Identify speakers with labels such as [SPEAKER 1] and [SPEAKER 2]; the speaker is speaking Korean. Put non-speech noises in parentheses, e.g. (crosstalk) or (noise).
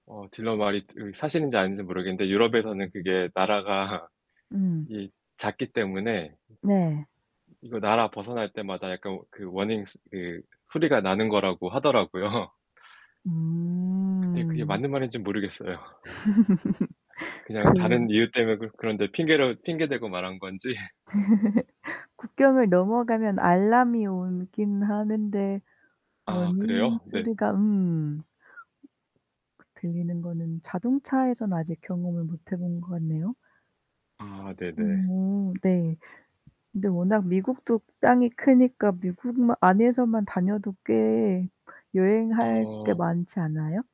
[SPEAKER 1] 어 딜러 말이 드 사실인지 아닌진 모르겠는데 유럽에서는 그게 나라가
[SPEAKER 2] 음.
[SPEAKER 1] 이 작기 때문에
[SPEAKER 2] 네.
[SPEAKER 1] 이거 나라 벗어날 때마다 약간 워 그 워닝 스 그 소리가 나는 거라고 하더라고요. 근데 그게
[SPEAKER 2] 음.
[SPEAKER 1] 맞는 말인진 모르겠어요.
[SPEAKER 2] (laughs) 그
[SPEAKER 1] 그냥 다른 이유 때문에 그 그런데 핑계로 핑계 대고 말한 건지.
[SPEAKER 2] (laughs) 국경을 넘어가면 알람이 오긴 하는데
[SPEAKER 1] 아
[SPEAKER 2] 워닝
[SPEAKER 1] 그래요? 네.
[SPEAKER 2] 소리가 음. 음. 그 들리는 거는 자동차에서는 아직 경험을 못해 본 것 같네요.
[SPEAKER 1] 아 네 네.
[SPEAKER 2] 음 네. 근데 워낙 미국도 땅이 크니까 미국 마 안에서만 다녀도 꽤 여행할 게
[SPEAKER 1] 어.
[SPEAKER 2] 많지 않아요?